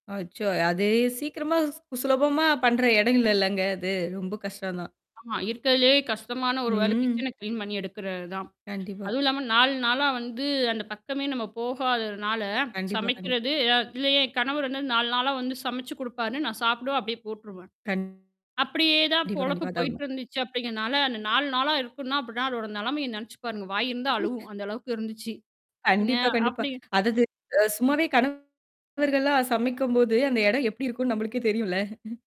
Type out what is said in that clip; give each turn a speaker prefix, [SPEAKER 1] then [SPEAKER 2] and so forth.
[SPEAKER 1] அச்சோ! அது சீக்கிரமா சுலபமா பண்ற இடம் இல்லலங்க, அது. ரொம்ப கஷ்டம்தான்.
[SPEAKER 2] ஆமா. இருக்கறதிலயே கஷ்டமான ஒரு வேலை
[SPEAKER 1] ம்.
[SPEAKER 2] கிச்சன கிளீன் பண்ணி எடுக்குறதுதான்.
[SPEAKER 1] கண்டிப்பா.
[SPEAKER 2] அதுவும் இல்லாம, 4 நாளா வந்து அந்தப் பக்கமே நம்ம போகாததுனால,
[SPEAKER 1] கண்டிப்பா, கண்டிப்பா.
[SPEAKER 2] சமைக்கிறது. அ இதுல என் கணவர் 4 நாளா வந்து சமைச்சு குடுப்பாரு. நான் சாப்பிடுவேன். அப்பிடியே போட்டுருவேன்.
[SPEAKER 1] கண்
[SPEAKER 2] அப்படியே தான்
[SPEAKER 1] டிப்பா,
[SPEAKER 2] பொழப்பு
[SPEAKER 1] கண்டிப்பா. அதான் உண்மை.
[SPEAKER 2] போயிட்டிருந்துச்சு, அப்பிடிங்கறனால, அந்த 4 நாளா இருக்குன்னா, அப்பிடினா அதோட நிலைமைய நினைச்சு பாருங்க. வாய் இருந்தா அழுவும். அந்த அளவுக்கு இருந்துச்சு. என்ன
[SPEAKER 1] கண்டிப்பா, கண்டிப்பா.
[SPEAKER 2] அப்பிடி
[SPEAKER 1] அது இது அ சும்மாவே கணவர்கள்லாம் சமைக்கும்போது, அந்த இடம் எப்படி இருக்கும்னு நம்மளுக்கே தெரியும்ல.